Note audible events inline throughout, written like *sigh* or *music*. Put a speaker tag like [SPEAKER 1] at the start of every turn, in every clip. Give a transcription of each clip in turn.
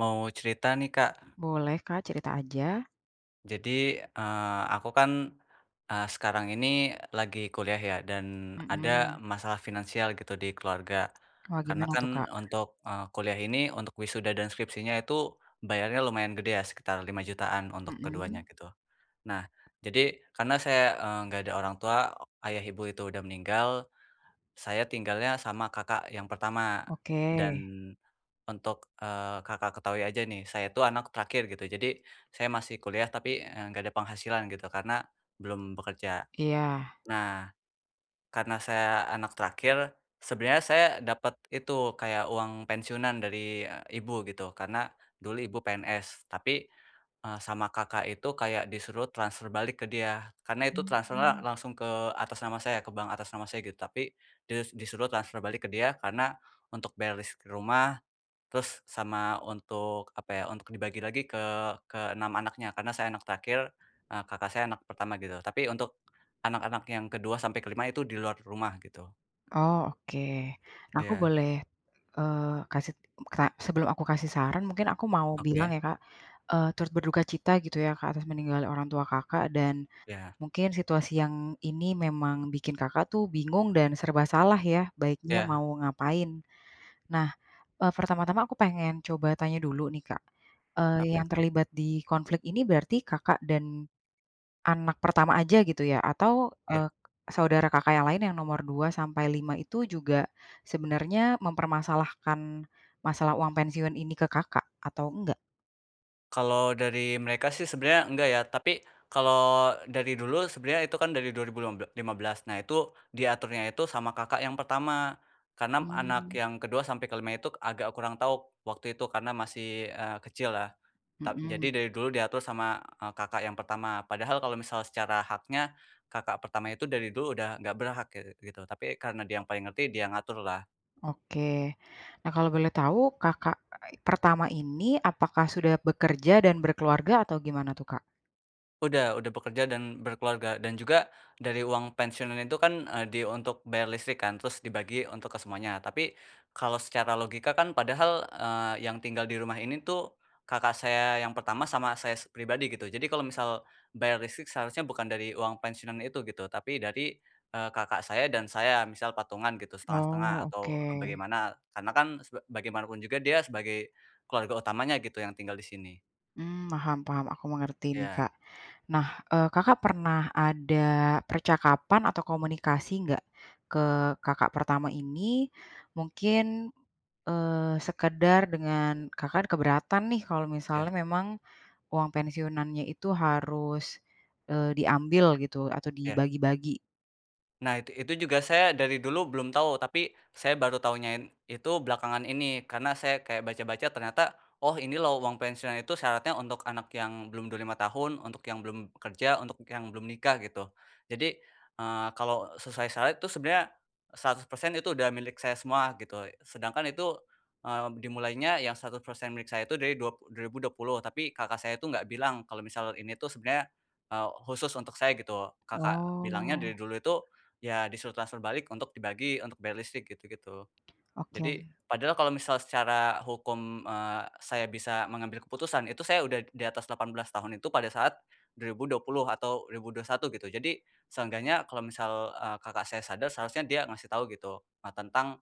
[SPEAKER 1] Mau cerita nih, Kak.
[SPEAKER 2] Boleh, Kak, cerita aja.
[SPEAKER 1] Jadi, eee, aku kan, eee, sekarang ini lagi kuliah ya dan
[SPEAKER 2] Mhm.
[SPEAKER 1] ada masalah finansial gitu di keluarga,
[SPEAKER 2] Oh,
[SPEAKER 1] karena
[SPEAKER 2] gimana tuh,
[SPEAKER 1] kan
[SPEAKER 2] Kak?
[SPEAKER 1] untuk, eee, kuliah ini, untuk wisuda dan skripsinya itu, bayarnya lumayan gede ya, sekitar lima jutaan untuk keduanya,
[SPEAKER 2] Mhm.
[SPEAKER 1] gitu. Nah, jadi karena saya, eee, nggak ada orang tua, o ayah, ibu, itu udah meninggal, saya tinggalnya sama kakak yang pertama,
[SPEAKER 2] Oke.
[SPEAKER 1] dan untuk, eee, Kakak ketahui aja nih, saya itu anak terakhir gitu, jadi saya masih kuliah tapi, eee, nggak ada penghasilan gitu, karena belum bekerja.
[SPEAKER 2] Iya.
[SPEAKER 1] Nah, karena saya anak terakhir, sebenarnya saya dapat itu, kayak uang pensiunan dari, eee, ibu gitu, karena dulu ibu PNS. Tapi, eee, sama kakak itu kayak disuruh transfer balik ke dia, karena itu transfernya
[SPEAKER 2] Hmm.
[SPEAKER 1] langsung ke atas nama saya, ke bank atas nama saya, gitu. Tapi dis disuruh transfer balik ke dia, karena untuk bayar listrik rumah, terus sama untuk apa ya, untuk dibagi lagi ke ke-6 anaknya karena saya anak terakhir, eee, kakak saya anak pertama gitu, tapi untuk anak-anak yang ke-2 sampai ke-5 itu di luar rumah, gitu.
[SPEAKER 2] Oh, oke. Nah aku
[SPEAKER 1] Iya.
[SPEAKER 2] boleh, eee, kasih m ta sebelum aku kasih saran mungkin aku mau bilang
[SPEAKER 1] Oke.
[SPEAKER 2] ya, Kak, eee, turut berduka cita gitu ya, Kak, atas meninggalnya orang tua Kakak, dan
[SPEAKER 1] Iya.
[SPEAKER 2] mungkin situasi yang ini memang bikin Kakak tuh bingung dan serba salah ya, baiknya
[SPEAKER 1] Iya.
[SPEAKER 2] mau ngapain. Nah, eee, pertama-tama aku pengen coba tanya dulu nih, Kak, eee,
[SPEAKER 1] Apa
[SPEAKER 2] yang
[SPEAKER 1] itu?
[SPEAKER 2] terlibat di konflik ini berarti Kakak dan anak pertama aja gitu ya? Atau,
[SPEAKER 1] Iya.
[SPEAKER 2] eee, saudara Kakak yang lain yang nomor 2 sampai 5 itu juga sebenarnya mempermasalahkan masalah uang pensiun ini ke Kakak atau enggak?
[SPEAKER 1] Kalau dari mereka sih, sebenarnya enggak ya, tapi kalau dari dulu sebenarnya itu kan dari dua ribu lima bel lima belas, nah itu diaturnya itu sama kakak yang pertama. Karena m anak
[SPEAKER 2] Hmm.
[SPEAKER 1] yang ke-2 sampai ke-5 itu agak kurang tahu waktu itu, karena masih, eee, kecil lah. Tap jadi
[SPEAKER 2] Mhm.
[SPEAKER 1] dari dulu diatur sama, eee, kakak yang pertama, padahal kalau misal secara haknya kakak pertama itu dari dulu udah nggak berhak ge gitu, tapi karena dia yang paling ngerti, dia yang ngatur lah.
[SPEAKER 2] Oke. Nah kalau boleh tau Kakak a ai pertama ini apakah sudah bekerja dan berkeluarga, atau gimana tuh, Kak?
[SPEAKER 1] Udah udah bekerja dan berkeluarga, dan juga dari uang pensiunan itu kan, eee, di untuk bayar listrik kan, terus dibagi untuk ke semuanya. Tapi kalau secara logika kan padahal, eee, yang tinggal di rumah ini tuh, kakak saya yang pertama sama saya s pribadi gitu. Jadi kalau misal bayar listrik seharusnya bukan dari uang pensiunan itu gitu, tapi dari, eee, kakak saya dan saya, misal patungan gitu 1/2 1/2
[SPEAKER 2] Oh,
[SPEAKER 1] atau e
[SPEAKER 2] oke.
[SPEAKER 1] bagaimana? Karena kan seb bagaimanapun juga dia sebagai keluarga utamanya gitu yang tinggal di sini.
[SPEAKER 2] Mmm, paham- paham, aku mengerti ini,
[SPEAKER 1] Iya.
[SPEAKER 2] Kak. Nah, eee, Kakak pernah ada percakapan atau komunikasi nggak ke kakak pertama ini? Mungkin, eee, sekedar dengan Kakak kan keberatan nih, kalau misalnya
[SPEAKER 1] Iya.
[SPEAKER 2] memang uang pensiunan nya itu harus, eee, diambil gitu atau
[SPEAKER 1] Iya.
[SPEAKER 2] dibagi-bagi.
[SPEAKER 1] Nah itu itu juga saya dari dulu belum tahu, tapi saya baru tahunya en itu belakangan ini, karena saya kayak baca-baca ternyata, oh ini loh uang pensiun itu syaratnya untuk anak yang belum 25 tahun, untuk yang belum kerja, untuk yang belum nikah gitu. Jadi, eee, kalau sesuai syarat itu sebenarnya 100% itu udah milik saya semua, gitu e sedangkan itu, eee, b dimulainya yang 100% milik saya itu dari dua p 2020, tapi kakak saya itu gak bilang kalau misal ini tuh sebenarnya, eee, khusus untuk saya, gitu. Kakak bilangnya dari
[SPEAKER 2] Oh.
[SPEAKER 1] dulu itu, ya disuruh transfer balik untuk dibagi, untuk bayar listrik, gitu gitu.
[SPEAKER 2] Oke.
[SPEAKER 1] Jadi padahal kalau misal secara hukum, eee, saya bisa mengambil keputusan, itu saya udah di di atas 18 tahun itu pada saat 2020 atau 2021 gitu. Jadi seenggaknya kalau misal, eee, kakak saya sadar, seharusnya dia ngasih tau gitu, e tentang,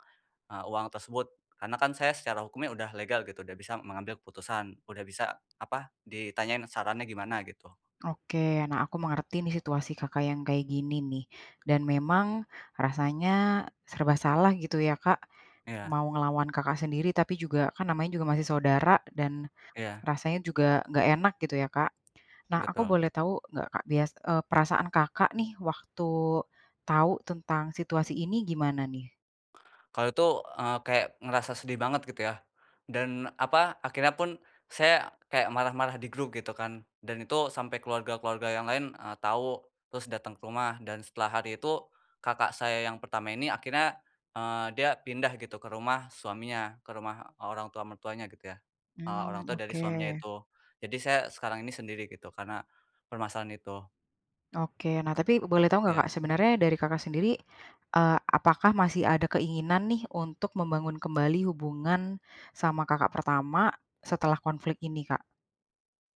[SPEAKER 1] eee, uang tersebut. Karena kan saya secara hukumnya udah legal gitu, udah bisa mengambil keputusan, udah bisa apa, ditanyain sarannya gimana, gitu.
[SPEAKER 2] Oke, nah aku mengerti nih situasi Kakak yang kayak gini nih, dan memang rasanya e serba salah gitu ya, Kak.
[SPEAKER 1] Iya.
[SPEAKER 2] Mau ngelawan kakak sendiri tapi juga, kan namanya juga masih saudara dan
[SPEAKER 1] Iya.
[SPEAKER 2] rasanya juga nggak enak gitu ya, Kak. Nah aku
[SPEAKER 1] Betul.
[SPEAKER 2] boleh tahu nggak, Kak, bias eee, perasaan Kakak nih waktu tau tentang situasi ini, gimana nih?
[SPEAKER 1] Kalau itu, eee, kayak ngerasa sedih banget gitu ya, dan apa? Akhirnya pun saya kayak marah-marah di grup gitu kan, dan itu sampai keluarga-keluarga yang lain, eee, tau, terus dateng ke rumah dan setelah hari itu, kakak saya yang pertama ini akhirnya, eee, dia pindah gitu ke rumah suaminya, ke rumah orang tua mertuanya gitu ya, eee, orang
[SPEAKER 2] Mmm,
[SPEAKER 1] tua dari suaminya
[SPEAKER 2] oke.
[SPEAKER 1] itu. Jadi saya sekarang ini sendiri gitu, karena permasalahan itu.
[SPEAKER 2] Oke, nah, tapi boleh tahu nggak
[SPEAKER 1] Iya.
[SPEAKER 2] Kak, sebenarnya dari Kakak sendiri, eee, apakah masih ada keinginan nih, untuk membangun kembali hubungan sama kakak pertama setelah konflik ini Kak?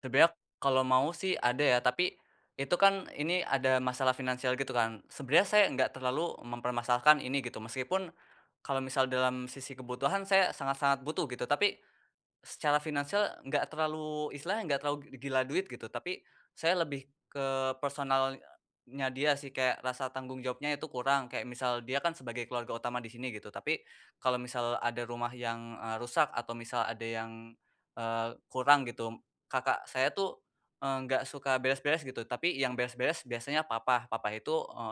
[SPEAKER 1] Sebenarnya, kalau mau sih, ada ya, tapi, itu kan, ini, ada masalah finansial, gitu kan. Sebenarnya, saya nggak terlalu mempermasalahkan ini, gitu. Meskipun, kalau misal dalam sisi kebutuhan, saya sangat-sangat butuh, gitu. Tapi, secara finansial nggak terlalu, istilahnya nggak terlalu gila duit, gitu. Tapi, saya lebih ke personalnya dia sih, kayak rasa tanggung jawabnya itu kurang, kayak misal, dia kan sebagai keluarga utama disini, gitu. Tapi, kalau misal ada rumah yang, eee, rusak, atau misal ada yang, eee, kurang, gitu, kakak saya tuh, enggak suka beres-beres gitu, tapi yang beres-beres biasanya papa, papa itu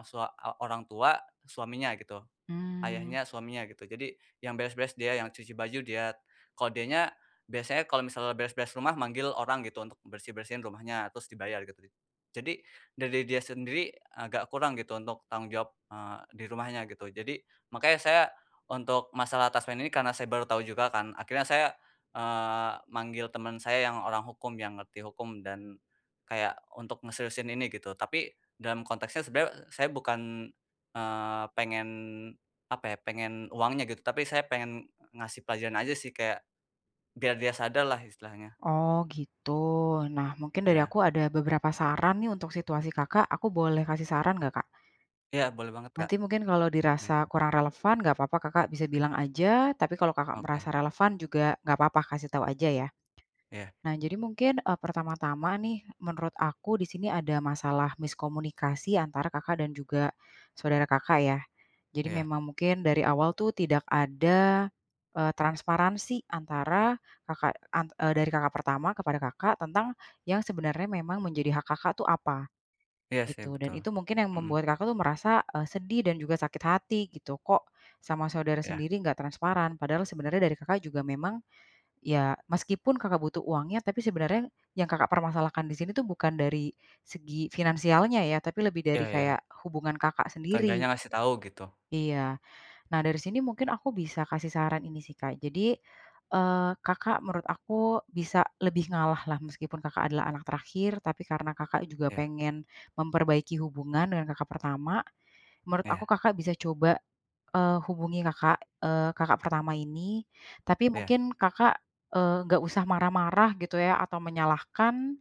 [SPEAKER 1] sua orang tua, suaminya, gitu,
[SPEAKER 2] Mmm.
[SPEAKER 1] ayahnya, suaminya, gitu. Jadi, yang beres-beres dia, yang cuci baju dia, kalau dianya, biasanya, kalau misalnya beres-beres rumah manggil orang, gitu, untuk bersih-bersih rumahnya terus dibayar, gitu. Jadi, dari dia sendiri agak kurang, gitu, untuk tanggung jawab, eee, dirumahnya, gitu. Jadi, makanya saya untuk masalah taspen ini, karena saya baru tahu juga kan, akhirnya saya, eee, manggil teman saya yang orang hukum, yang ngerti hukum, dan kayak, untuk ngeseriusin ini, gitu. Tapi, dalam konteksnya sebenarnya saya bukan, eee, pengen, apa ya, pengen uangnya gitu, tapi saya pengen ngasih pelajaran aja sih, kayak, biar dia sadar lah, istilahnya.
[SPEAKER 2] Oh, gitu? Nah, mungkin dari
[SPEAKER 1] Iya.
[SPEAKER 2] aku ada beberapa saran nih, untuk situasi Kakak, aku boleh kasih saran nggak, Kak?
[SPEAKER 1] Iya, boleh banget Kak.
[SPEAKER 2] Nanti mungkin kalau dirasa
[SPEAKER 1] *unintelligible*
[SPEAKER 2] kurang relevan nggak papa Kakak bisa bilang aja, tapi kalau Kakak
[SPEAKER 1] Oke.
[SPEAKER 2] merasa relevan juga nggak papa, kasih tahu aja ya.
[SPEAKER 1] Iya.
[SPEAKER 2] Nah, jadi mungkin, eee, pertama-tama nih, menurut aku di sini ada masalah miskomunikasi antara Kakak dan juga saudara Kakak ya. Jadi,
[SPEAKER 1] Iya.
[SPEAKER 2] memang mungkin dari awal tuh, tidak ada, eee, transparansi antara, Kakak, an eee, dari kakak pertama kepada Kakak tentang yang sebenarnya memang menjadi hak Kakak tuh, apa,
[SPEAKER 1] Iya sih,
[SPEAKER 2] gitu. Dan,
[SPEAKER 1] betul.
[SPEAKER 2] itu mungkin yang
[SPEAKER 1] Mhm.
[SPEAKER 2] membuat Kakak tuh, merasa, eee, sedih dan juga sakit hati, gitu, "Kok, sama saudara
[SPEAKER 1] Iya.
[SPEAKER 2] sendiri, nggak transparan?" padahal sebenarnya dari Kakak juga memang, ya, meskipun Kakak butuh uangnya, tapi sebenarnya yang Kakak permasalahan di sini tuh, bukan dari segi finansialnya ya, tapi lebih dari,
[SPEAKER 1] Iya iya.
[SPEAKER 2] kayak, hubungan Kakak sendiri.
[SPEAKER 1] Seenggaknya ngasih tahu, gitu.
[SPEAKER 2] Iya, nah dari sini mungkin aku bisa kasih saran ini sih, Kak. Jadi, eee, Kakak menurut aku bisa lebih ngalah lah, meskipun Kakak adalah anak terakhir, tapi karena Kakak juga
[SPEAKER 1] Iya.
[SPEAKER 2] pengen memperbaiki hubungan dengan kakak pertama, menurut aku
[SPEAKER 1] Iya.
[SPEAKER 2] Kakak bisa coba, eee, hubungi kakak, eee, kakak pertama ini, tapi
[SPEAKER 1] Iya.
[SPEAKER 2] mungkin Kakak, eee, nggak usah marah-marah, gitu ya, atau menyalahkan,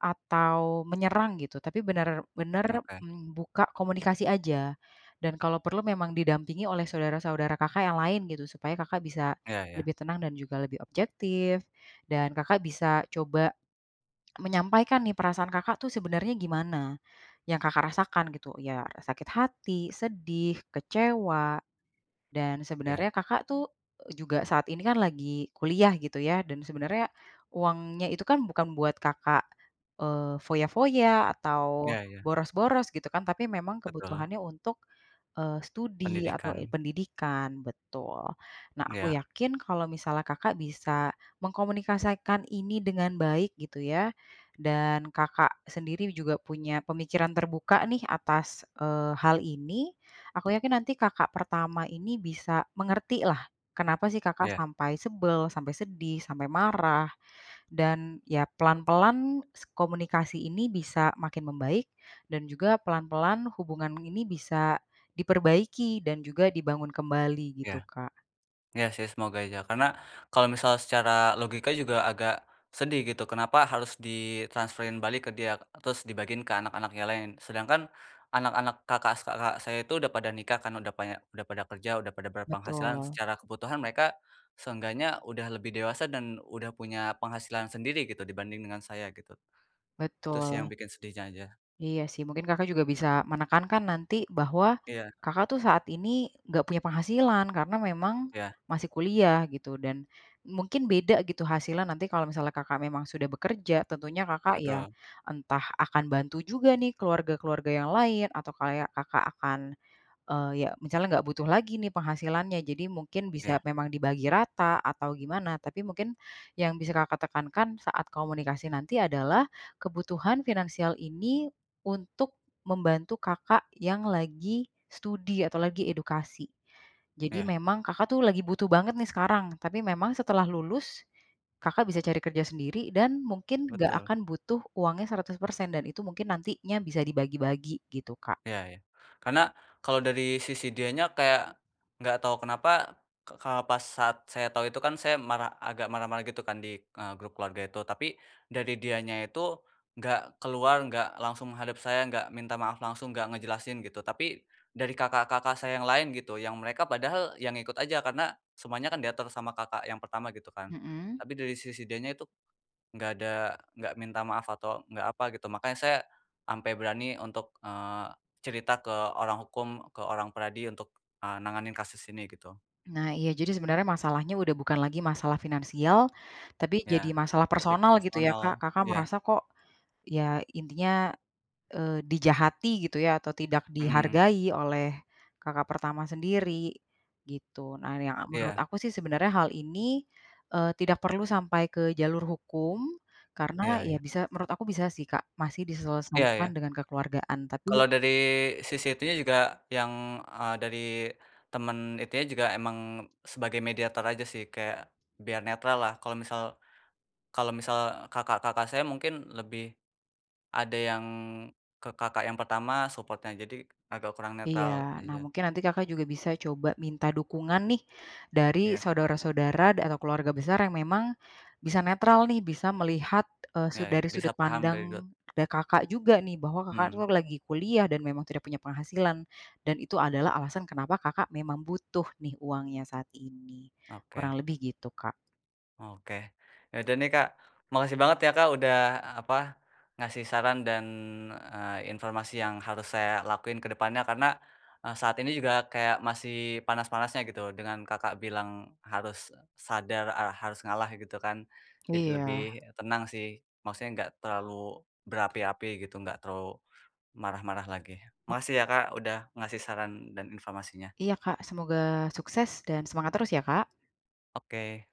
[SPEAKER 2] atau menyerang gitu, tapi benar-benar
[SPEAKER 1] Oke.
[SPEAKER 2] buka komunikasi aja. Dan, kalau perlu memang didampingi oleh saudara-saudara Kakak yang lain, gitu, supaya Kakak bisa
[SPEAKER 1] Iya iya.
[SPEAKER 2] lebih tenang, dan juga lebih objektif, dan Kakak bisa coba menyampaikan nih, perasaan Kakak tuh, sebenarnya gimana, yang Kakak rasakan, gitu. Ya sakit hati, sedih, kecewa, dan
[SPEAKER 1] Iya.
[SPEAKER 2] sebenarnya Kakak tuh, juga saat ini kan, lagi kuliah, gitu ya, dan sebenarnya uangnya itu kan, bukan buat Kakak, eee, foya-foya atau,
[SPEAKER 1] Iya iya.
[SPEAKER 2] boros-boros, gitu kan, tapi memang
[SPEAKER 1] Betul.
[SPEAKER 2] kebutuhannya untuk, eee, studi atau, eee,
[SPEAKER 1] Pendidikan.
[SPEAKER 2] pendidikan, betul. Nah, aku
[SPEAKER 1] Iya.
[SPEAKER 2] yakin kalau misalnya Kakak bisa mengkomunikasikan ini dengan baik, gitu ya, dan Kakak sendiri juga punya pemikiran terbuka nih, atas, eee, hal ini. Aku yakin nanti kakak pertama ini bisa mengerti lah, kenapa sih Kakak
[SPEAKER 1] Iya.
[SPEAKER 2] sampai sebel, sampai sedih, sampai marah, dan ya pelan-pelan, se komunikasi ini bisa makin membaik, dan juga pelan-pelan hubungan ini bisa, diperbaiki, dan juga, dibangun kembali,
[SPEAKER 1] Iya.
[SPEAKER 2] gitu Kak.
[SPEAKER 1] Iya sih, semoga aja. Karena, kalau misal secara logika juga agak sedih, gitu, kenapa harus ditransferin balik ke dia, terus, dibagiin ke anak-anak yang lain, sedangkan anak-anak kakak saya itu udah pada nikah kan, udah paya udah pada kerja, udah pada berpenghasilan,
[SPEAKER 2] Betul.
[SPEAKER 1] secara kebutuhan mereka, seenggaknya udah lebih dewasa, dan udah punya penghasilan sendiri, gitu, dibanding dengan saya, gitu. Itu sih, yang
[SPEAKER 2] Betul.
[SPEAKER 1] bikin sedihnya aja.
[SPEAKER 2] Iya sih, mungkin Kakak juga bisa menekankan nanti bahwa
[SPEAKER 1] Iya.
[SPEAKER 2] Kakak tuh, saat ini nggak punya penghasilan, karena memang
[SPEAKER 1] Iya.
[SPEAKER 2] masih kuliah, gitu, dan mungkin beda, gitu, hasilnya nanti kalau misalnya Kakak memang sudah bekerja, tentunya Kakak, ya,
[SPEAKER 1] Betul.
[SPEAKER 2] entah akan bantu juga nih, keluarga-keluarga yang lain, atau kayak Kakak akan, eee, ya, misalnya nggak butuh lagi nih, penghasilannya. Jadi, mungkin bisa
[SPEAKER 1] Iya.
[SPEAKER 2] memang dibagi rata, atau gimana, tapi mungkin yang bisa Kakak tekankan saat komunikasi nanti adalah, kebutuhan finansial ini untuk membantu Kakak yang lagi studi, atau lagi edukasi. Jadi,
[SPEAKER 1] Iya.
[SPEAKER 2] memang Kakak tuh, lagi butuh banget nih, sekarang, tapi memang setelah lulus, Kakak bisa cari kerja sendiri, dan mungkin nggak
[SPEAKER 1] Betul.
[SPEAKER 2] akan butuh uangnya 100% dan itu mungkin nantinya bisa dibagi-bagi, gitu Kak.
[SPEAKER 1] Iya iya. Karena, kalau dari sisi dianya, kayak, nggak tahu kenapa, ke pas saat saya tahu itu kan, saya marah agak marah-marah, gitu kan, di, eee, grup keluarga itu. Tapi, dari dianya itu nggak keluar, nggak langsung menghadap saya, nggak minta maaf langsung, nggak ngejelasin, gitu, tapi, dari kakak-kakak saya yang lain gitu, yang mereka padahal, ya, ngikut aja. Karena, semuanya kan, diatur sama kakak yang pertama, gitu kan.
[SPEAKER 2] Mhm?
[SPEAKER 1] Tapi dari sisi dianya itu, nggak ada nggak minta maaf, atau, nggak apa, gitu, makanya saya sampai berani untuk, eee, cerita ke orang hukum, ke orang PERADI, untuk nanganin kasus ini, gitu.
[SPEAKER 2] Nah iya, jadi sebenarnya masalahnya udah bukan lagi masalah finansial, tapi
[SPEAKER 1] Iya,
[SPEAKER 2] jadi masalah
[SPEAKER 1] lebih ke
[SPEAKER 2] personal, gitu ya,
[SPEAKER 1] personal,
[SPEAKER 2] Kak? Kakak
[SPEAKER 1] iya.
[SPEAKER 2] merasa, kok, ya intinya, eee, dijahati, gitu ya? Atau, tidak
[SPEAKER 1] Mhm.
[SPEAKER 2] dihargai oleh kakak pertama sendiri, gitu. Nah, yang menurut
[SPEAKER 1] Iya.
[SPEAKER 2] aku sih, sebenarnya hal ini, eee, tidak perlu sampai ke jalur hukum, karena,
[SPEAKER 1] Iya
[SPEAKER 2] ya,
[SPEAKER 1] iya.
[SPEAKER 2] bisa menurut aku bisa sih Kak, masih
[SPEAKER 1] Iya
[SPEAKER 2] diselesaikan
[SPEAKER 1] iya.
[SPEAKER 2] dengan kekeluargaan. Tapi
[SPEAKER 1] Kalau dari sisi itunya juga, yang, eee, dari temen, itunya juga emang sebagai mediator aja sih, kayak, biar netral lah, kalau misal kalau misal, kakak-kakak saya mungkin lebih, ada yang ke kakak yang pertama support-nya. Jadi, agak kurang netral
[SPEAKER 2] Iya. Nah,
[SPEAKER 1] aja.
[SPEAKER 2] mungkin nanti Kakak juga bisa coba minta dukungan nih, dari
[SPEAKER 1] Iya.
[SPEAKER 2] saudara-saudara atau keluarga besar yang memang bisa netral nih, bisa melihat, eee,
[SPEAKER 1] Iya
[SPEAKER 2] su
[SPEAKER 1] iya,
[SPEAKER 2] dari
[SPEAKER 1] bisa
[SPEAKER 2] sudut
[SPEAKER 1] paham dari dulu.
[SPEAKER 2] pandang, da Kakak juga nih, bahwa Kakak itu
[SPEAKER 1] Hmm.
[SPEAKER 2] lagi kuliah, dan memang tidak punya penghasilan, dan itu adalah alasan kenapa Kakak memang butuh nih, uangnya, saat ini. Kurang
[SPEAKER 1] Oke.
[SPEAKER 2] lebih, gitu Kak.
[SPEAKER 1] Oke. Ya udah nih Kak, makasih banget ya, Kak, udah, apa, ngasih saran dan, eee, informasi yang harus saya lakuin kedepannya. Karena, eee, saat ini juga, kayak, masih panas-panasnya, gitu, dengan Kakak bilang, "Harus sadar, ere harus ngalah." gitu kan. Jadi lebih
[SPEAKER 2] Iya.
[SPEAKER 1] tenang sih, maksudnya, nggak terlalu berapi-api, gitu, nggak terlalu marah-marah lagi. Makasih ya Kak,
[SPEAKER 2] *unintelligible*
[SPEAKER 1] udah ngasih saran dan informasinya.
[SPEAKER 2] Iya Kak, semoga sukses dan semangat terus, ya, Kak.
[SPEAKER 1] Oke.